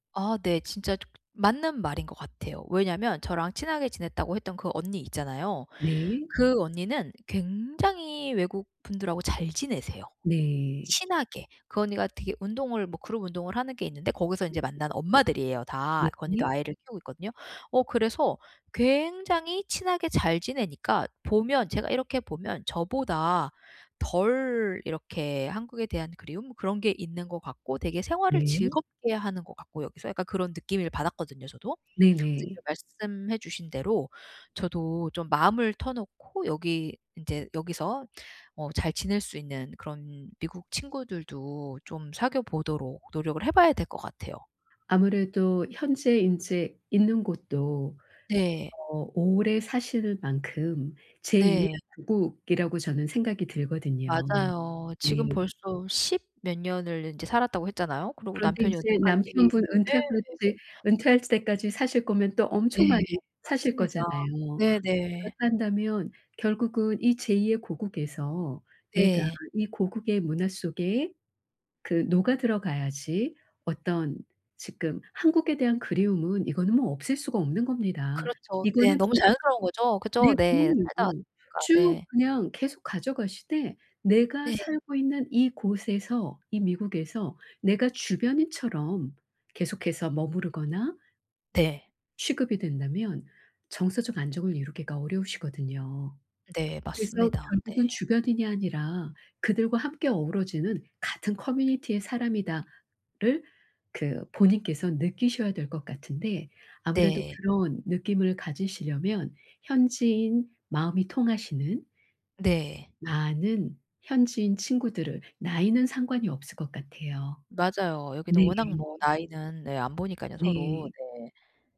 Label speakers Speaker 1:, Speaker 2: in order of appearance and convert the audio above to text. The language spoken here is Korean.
Speaker 1: 아 네. 진짜 조 맞는 말인 것 같아요. 왜냐면 저랑 친하게 지냈다고 했던 그 언니 있잖아요.
Speaker 2: 네.
Speaker 1: 그 언니는 굉장히 외국분들하고 잘 지내세요.
Speaker 2: 네.
Speaker 1: 친하게. 그 언니가 되게 운동을 뭐 그룹 운동을 하는 게 있는데 거기서
Speaker 2: 네.
Speaker 1: 이제 만난 엄마들이에요, 다. 그 언니도
Speaker 2: 네.
Speaker 1: 아이를 키우고 있거든요. 어 그래서 굉장히 친하게 잘 지내니까 보면 제가 이렇게 보면 저보다 덜 이렇게 한국에 대한 그리움? 그런 게 있는 것 같고 되게 생활을
Speaker 2: 네.
Speaker 1: 즐겁게 하는 것 같고 여기서 약간 그런 느낌을 받았거든요, 저도.
Speaker 2: 네
Speaker 1: 근데 이제
Speaker 2: 네.
Speaker 1: 말씀해 주신 대로 저도 좀 마음을 터놓고 여기 인제 여기서 어 잘 지낼 수 있는 그런 미국 친구들도 좀 사귀어보도록 노력을 해봐야 될 것 같아요.
Speaker 2: 아무래도 현재 인제 있는 곳도
Speaker 1: 네.
Speaker 2: 어 오래 사실 만큼 제2 의
Speaker 1: 네.
Speaker 2: 고국이라고 저는 생각이 들거든요.
Speaker 1: 맞아요.
Speaker 2: 네.
Speaker 1: 지금 벌써 10 몇 년을 인제 살았다고 했잖아요. 그러고
Speaker 2: 그런데
Speaker 1: 남편이
Speaker 2: 이제
Speaker 1: 은퇴까지를
Speaker 2: 남편분 은퇴할
Speaker 1: 예.
Speaker 2: 때 은퇴할 때까지 사실 거면 또
Speaker 1: 예.
Speaker 2: 엄청 많이 사실
Speaker 1: 맞습니다.
Speaker 2: 거잖아요.
Speaker 1: 네네.
Speaker 2: 그렇다 한다면 결국은 이 제 2 의 고국에서 내가
Speaker 1: 네.
Speaker 2: 이 고국의 문화 속에 그 녹아들어 가야지 어떤 지금 한국에 대한 그리움은 이거는 뭐 없앨 수가 없는 겁니다.
Speaker 1: 그렇죠. 네.
Speaker 2: 이거는
Speaker 1: 너무
Speaker 2: [unintelligible]
Speaker 1: 자연스러운 거죠.
Speaker 2: 네.
Speaker 1: 그죠? 네.
Speaker 2: 부모님
Speaker 1: 살다
Speaker 2: 어.
Speaker 1: 왔으니까.
Speaker 2: 쭉
Speaker 1: 네.
Speaker 2: 그냥 계속 가져가시되 내가
Speaker 1: 네.
Speaker 2: 살고 있는 이곳에서 이 미국에서 내가 주변인처럼 계속해서 머무르거나
Speaker 1: 네.
Speaker 2: 취급이 된다면 정서적 안정을 이루기가 어려우시거든요.
Speaker 1: 네.
Speaker 2: 그래서
Speaker 1: 맞습니다. 네.
Speaker 2: 결국은 '주변인이 아니라 그들과 함께 어우러지는 같은 커뮤니티의 사람이다.'를 그 본인께서 느끼셔야 될 것 같은데 아무래도
Speaker 1: 네.
Speaker 2: 그런 느낌을 가지시려면 현지인, 마음이 통하시는
Speaker 1: 네.
Speaker 2: 많은 현지인 친구들을 나이는 상관이 없을 것 같아요.
Speaker 1: 맞아요. 여기는
Speaker 2: 네.
Speaker 1: 워낙 뭐 나이는 네 안보니까요. 서로.
Speaker 2: 네.
Speaker 1: 네.